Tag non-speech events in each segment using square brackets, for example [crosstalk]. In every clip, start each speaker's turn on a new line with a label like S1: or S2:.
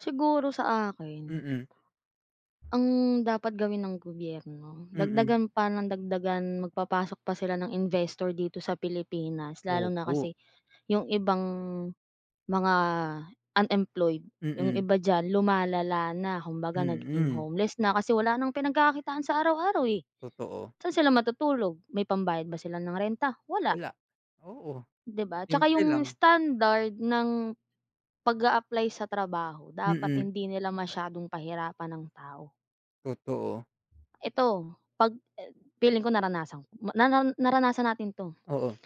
S1: Siguro sa akin
S2: Mm.
S1: ang dapat gawin ng gobyerno
S2: Mm.
S1: dagdagan pa nang dagdagan, magpapasok pa sila ng investor dito sa Pilipinas. Lalo na
S2: Opo.
S1: kasi yung ibang mga unemployed yung
S2: Mm.
S1: iba diyan lumalala na kumbaga nagiging
S2: Mm.
S1: homeless na kasi wala nang pinagkakakitaan sa araw-araw eh.
S2: Totoo.
S1: Saan sila matutulog? May pambayad ba sila ng renta? Wala.
S2: Wala. Oo.
S1: Di ba? Tsaka
S2: Simple
S1: yung
S2: lang.
S1: standard ng pag-a-apply sa trabaho dapat
S2: Mm.
S1: hindi nila masyadong pahirapan ang tao.
S2: Totoo.
S1: Eto 'pag e feeling ko naranasan ma naran naranasan natin 'to,
S2: Oo.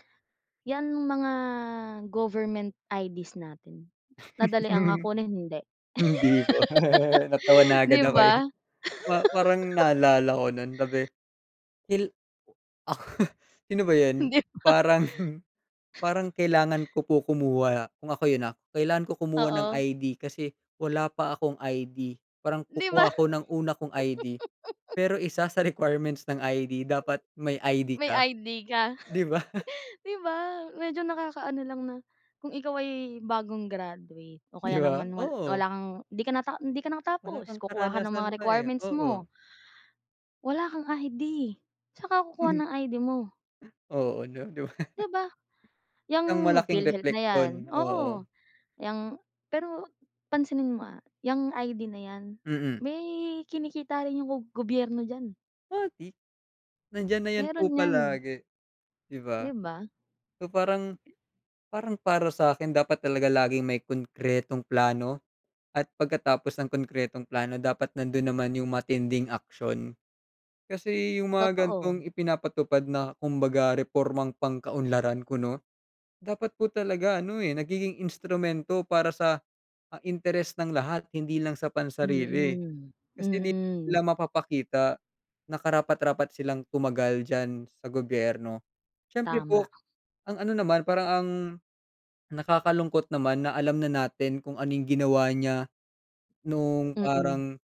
S1: yan mga government IDs natin nadali ang, ah,
S2: [laughs]
S1: kunin? Hindi?
S2: Hindi po. [laughs] Natawa
S1: [laughs]
S2: na
S1: Di
S2: agad ako eh.
S1: ba?
S2: Pa parang
S1: [laughs]
S2: naalala ko nun sabi hil Sino ba yun?
S1: Hindi ba?
S2: Parang parang kailangan ko po kumuha kung ako yun, ah, kailangan ko kumuha ng
S1: Oo.
S2: ID kasi wala pa akong ID. Parang
S1: Di ba?
S2: kukuha ako ng una kong ID
S1: [laughs]
S2: pero isa sa requirements ng ID, dapat may ID
S1: My
S2: ka.
S1: ID ka?
S2: Di ba? [laughs]
S1: Di ba medyo nakakaano lang na, kung ikaw ay bagong graduate o
S2: Di
S1: kaya
S2: ba?
S1: naman wal
S2: Oo.
S1: wala kang di ka nata hindi ka
S2: Wala
S1: nakatapos,
S2: kang
S1: kukuha ka ng
S2: karanasan
S1: mga
S2: pa eh.
S1: requirements mo
S2: Oo.
S1: wala kang ID. Saan ka kukuha ng ID mo?
S2: Oo, no di ba? [laughs]
S1: Di ba? Yang
S2: Isang malaking
S1: PhilHealth na yan,
S2: repleksyon oo.
S1: oo. Yang pero pansinin mo ah yang ID na yan,
S2: Mm.
S1: may kinikita rin yung gob gobyerno diyan.
S2: O, di nandiyan na yan po
S1: Meron yan.
S2: palagi, di ba?
S1: Di ba?
S2: So parang parang para sakin dapat talaga laging may konkretong plano at pagkatapos ng konkretong plano dapat nandun naman yung matinding aksyon. Kasi yung mga
S1: Totoo.
S2: gantong ipinapatupad na kumbaga repormang pangkaunlaran kuno, dapat po talaga ano eh, nagiging instrumento para sa, ah, interes ng lahat hindi lang sa pansarili.
S1: Mm.
S2: Kasi di
S1: Mm.
S2: nila mapapakita na karapat-rapat silang tumagal diyan sa gobyerno. Siyempre
S1: Tama.
S2: po, ang ano naman, parang ang nakakalungkot naman na alam na natin kung ano yung ginawa niya noong
S1: Mm.
S2: parang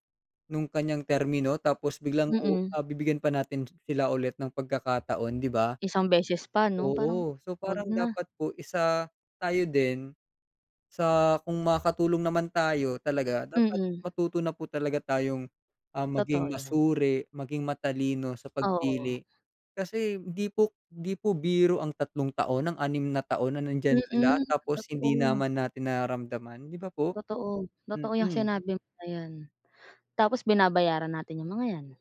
S2: nung kanyang termino tapos biglang uu
S1: Mm.
S2: ah, bibigyan pa natin sila ulit ng pagkakataon, di ba?
S1: Isang beses pa no? Parang
S2: Oo, so,
S1: wag
S2: parang
S1: na.
S2: dapat po isa tayo din sa kung makakatulong naman tayo talaga dapat
S1: Mm.
S2: matuto na po talaga tayong, ah,
S1: Totoo
S2: maging
S1: yan.
S2: masuri maging matalino sa
S1: Oo.
S2: pagpili kasi hindi po hindi po biro ang 3 taon, ang 6 na taon na nandiyan sila
S1: Mm
S2: tapos hindi
S1: totoo.
S2: naman natin nararamdaman. Di ba po?
S1: Totoo. Totoo yang
S2: Mm.
S1: sinabi mo na yan. Tapos binabayaran natin yung mga yan.